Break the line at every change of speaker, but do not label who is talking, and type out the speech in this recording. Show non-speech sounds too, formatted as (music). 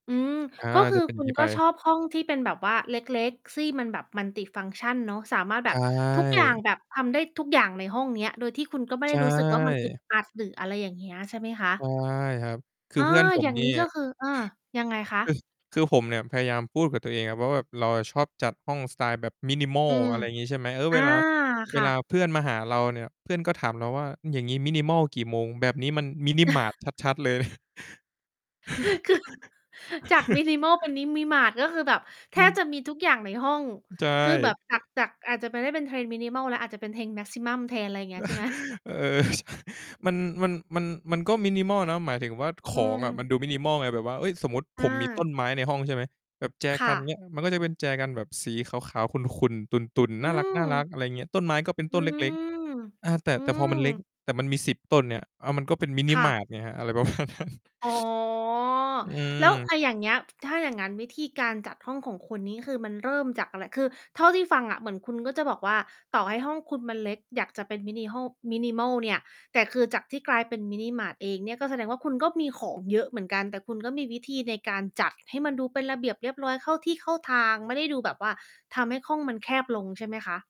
อืม
อา
ก็คื
จะ
อ
เป็น
คุ
ง
ณ
ี้
ก
ไ
็ช
ป
อบห้องที่เป็นแบบว่าเล็ก ๆ ที่ มันแบบ Multifunction เนาะ สามารถแ
ใ
บ
ช
บ
่
ทุกอย่างแบบ ทำได้ทุกอย่างในห้องเนี้ย โดยที่คุณก็ไม่
ใช
ได้รู้สึกว่า มันอึด
่
อัด หรืออะไรอย่างเงี้ย ใช่ไหมคะ?
ใช่ครับ คื
อ
อ
า
เพื่อนผ
อ
ม
ย่าง
นี่
งี้ก็คือ เออ ยังไงคะ?
คือ คือผมเนี่ยพยายามพูดกับตัวเองอะว่า แบบเราอะชอบจัดห้องสไตล์แบบ
อื
minimal
ม
อะไรงี้ใช่ไหม เออ
อ
เว
า
ลา เ
ค
ว
่
ลา
ะ
เพื่อนมาหาเราเนี่ย เพื่อนก็ถามเราว่า "อย่างงี้ minimal กี่โมง? แบบนี้มัน Mini-mart
(chuckles)
ชัด ๆ เลย" (chuckles)
(chuckles) คือ (chuckles) จาก minimal เป็น
(chuckles)
Mini-mart ก็คือแบบแท
อื
บจ
ม
ะมีทุกอย่างในห้อง
ใช
คือแบบจา
่
ก จาก อาจจะไม่ได้เป็นเทรน minimal แล้ว อาจจะเป็นเทรน maximum แทน ไรเงี้ย ใช่ไหม?
(chuckles) เออ (chuckles) มัน มัน มัน มันก็ minimal นะ หมายถึงว่า ข
อื
องอะมั
ม
นดู minimal ไง แบบว่า เฮ้ย สมมุติผ
อ
มมีต้
า
นไม้ในห้องใช่ไหม แบบแจ
ค
ก
่
ัน เง
ะ
ี้ย มันก็จะเป็นแจกันแบบสีขาว ๆ ขุ่น ๆ ตุ่น ๆ
อื
น่ารั
ม
ก ๆ อะไรเงี้ย ต้นไม้ก็เป็น
อ
ต
ื
้นเล็ก
อ
ๆ อา แต่
อื
แต่พอมันเล็ก
ม
แต่มันมี 10 ต้นเนี่ย อ้าว มันก็เป็น
ค่ะ
Mini-mart ไงครับ อะไร ประมาณนั้น
อ๋อ
อื
แล้ว อ
ม
ะ อย่างเงี้ย ถ้าอย่างงั้น วิธีการจัดห้องของคุณนี้คือมันเริ่มจากอะไร? คือเท่าที่ฟังอะเหมือนคุณก็จะบอกว่า ต่อให้ห้องคุณมันเล็ก อยากจะเป็นมินิฮ่อล minimal เนี่ย แต่คือจากที่กลายเป็น Mini-mart เองเนี่ย ก็แสดงว่า คุณก็มีของเยอะเหมือนกัน แต่คุณก็มีวิธีในการจัดให้มันดูเป็นระเบียบเรียบร้อย เข้าที่เข้าทาง ไม่ได้ดูแบบว่าทำให้ห้องมันแคบลง ใช่ไหมคะ?